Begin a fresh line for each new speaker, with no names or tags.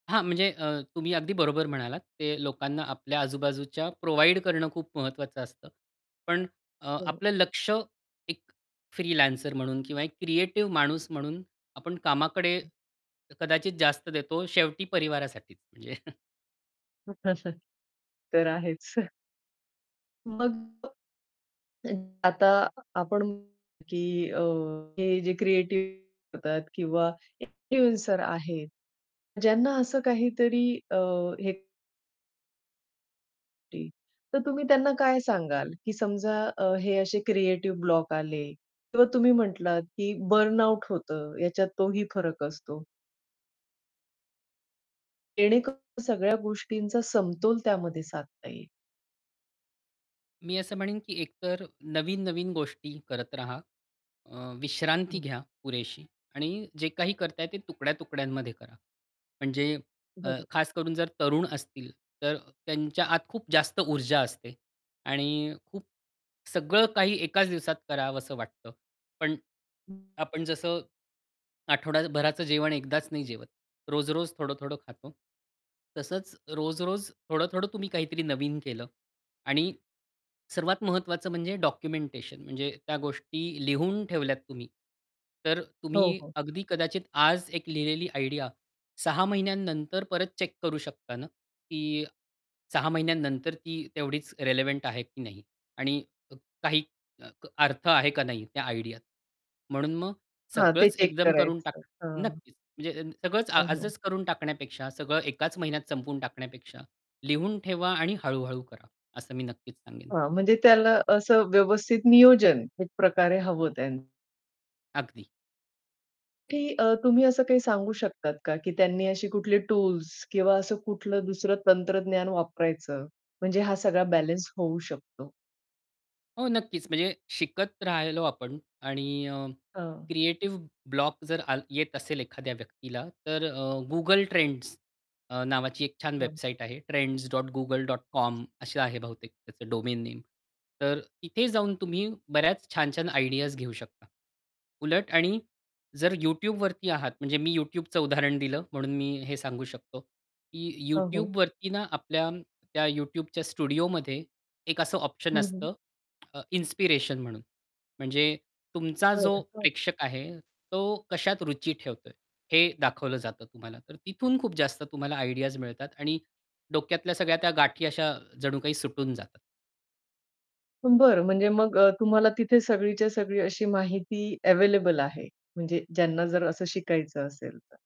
हां, म्हणजे अ, तुम्ही अगदी बरोबर म्हणालात, ते लोकांना आपल्या आजूबाजूच्या प्रोव्हाईड करणं खूप महत्वाचं असतं. पण अ,
हो.
आपलं लक्ष एक फ्रीलॅन्सर म्हणून किंवा एक क्रिएटिव्ह माणूस म्हणून आपण कामाकडे कदाचित जास्त देतो शेवटी परिवारासाठीच म्हणजे
[unintelligible] तर आहेच. मग अ, आता आपण म्हण की अ, हे जे क्रिएटिव्ह होता किंवा इन्फ्लुएन्सर आहेत, ज्यांना असं काहीतरी अ, हे [unintelligible] तर तुम्ही त्यांना काय सांगाल? की समजा अ, हे असे क्रिएटिव्ह ब्लॉक आले किंवा तुम्ही म्हटलात की बर्नआउट होतं, ह्याच्यात तोही फरक असतो जेणेकरून सगळ्या गोष्टींचा समतोल त्यामध्ये साधता येईल.
मी असं म्हणेन की एकतर नवीन-नवीन गोष्टी करत रहा. अ, विश्रांती
हं.
घ्या पुरेशी आणि जे काही करताय ते तुकड्या-तुकड्यांमध्ये करा. म्हणजे अ,
बरोबर.
खास करून जर तरुण असतील, तर त्यांच्या आत खूप जास्त ऊर्जा असते. आणि खूप सगळं काही एकाच दिवसात करावसं वाटतं. पण
हं.
आपण जसं, आठवडाभराचं जेवण एकदाच नाही जेवत. रोज-रोज थोडं-थोडं खातो, तसंच रोज-रोज थोडं-थोडं तुम्ही काहीतरी नवीन केलं आणि सर्वात महत्वाचं म्हणजे डॉक्युमेंटेशन म्हणजे त्या गोष्टी लिहून ठेवल्यात तुम्ही, तर
हो,
तुम्ही
हो.
अगदी कदाचित आज एक लिहिलेली आयडिया 6 महिन्यानंतर परत चेक करू शकता ना, की 6 महिन्यानंतर ती तेवढीच रेलेव्हंट आहे की नाही? आणि अ काही अ, अर्थ आहे का नाही त्या आयडियात. म्हणून मग
हां, ते
सगळंच
चेक
एकदम करून
करायचं.
टाक
हां.
नक्कीच, म्हणजे अ, सगळंच आ
हो, हो.
आजच करून टाकण्यापेक्षा सगळं एकाच महिन्यात संपवून टाकण्यापेक्षा लिहून ठेवा आणि हळू-हळू करा असं मी नक्कीच सांगेन.
हां, म्हणजे त्याला असं व्यवस्थित नियोजन एक प्रकारे हवं त्यांन
अगदी.
की अ, तुम्ही असं काही सांगू शकतात का? की त्यांनी अशी कुठली टूल्स किंवा असं कुठलं दुसरं तंत्रज्ञान वापरायचं, म्हणजे हा सगळा बॅलन्स होऊ शकतो?
हो. नक्कीच, म्हणजे शिकत राहिलो आपण आणि अ,
हां.
क्रिएटिव्ह ब्लॉक जर आल येत असेल एखाद्या व्यक्तीला, तर अ, Google Trends अ, नावाची एक छान
हां.
वेबसाईट आहे
[unintelligible]
trends.google.com अशी आहे बहुतेक त्याचं डोमेन नेम. तर इथे जाऊन तुम्ही बऱ्याच छान-छान आयडियाज घेऊ शकता. उलट आणि जर YouTubeवरती आहात, म्हणजे मी YouTubeचं उदाहरण दिलं म्हणून मी हे सांगू शकतो की
हो, हो.
YouTubeवरती ना, आपल्या त्या YouTubeच्या स्टुडिओमध्ये एक असं ऑप्शन
हं, हं.
असतं अ, इन्स्पिरेशन म्हणून, म्हणजे तुमचा जो
बरं. हं.
प्रेक्षक आहे, तो कशात रुची ठेवतोय? हे दाखवलं जातं तुम्हाला. तर तिथून खूप जास्त तुम्हाला आयडियाज मिळतात आणि डोक्यातल्या सगळ्या त्या गाठी अशा जणू काही सुटून जातात.
बरं. म्हणजे मग अ, तुम्हाला तिथे सगळीच्या सगळी अशी माहिती अवेलेबल आहे, म्हणजे ज्यांना जर असं शिकायचं असेल तर.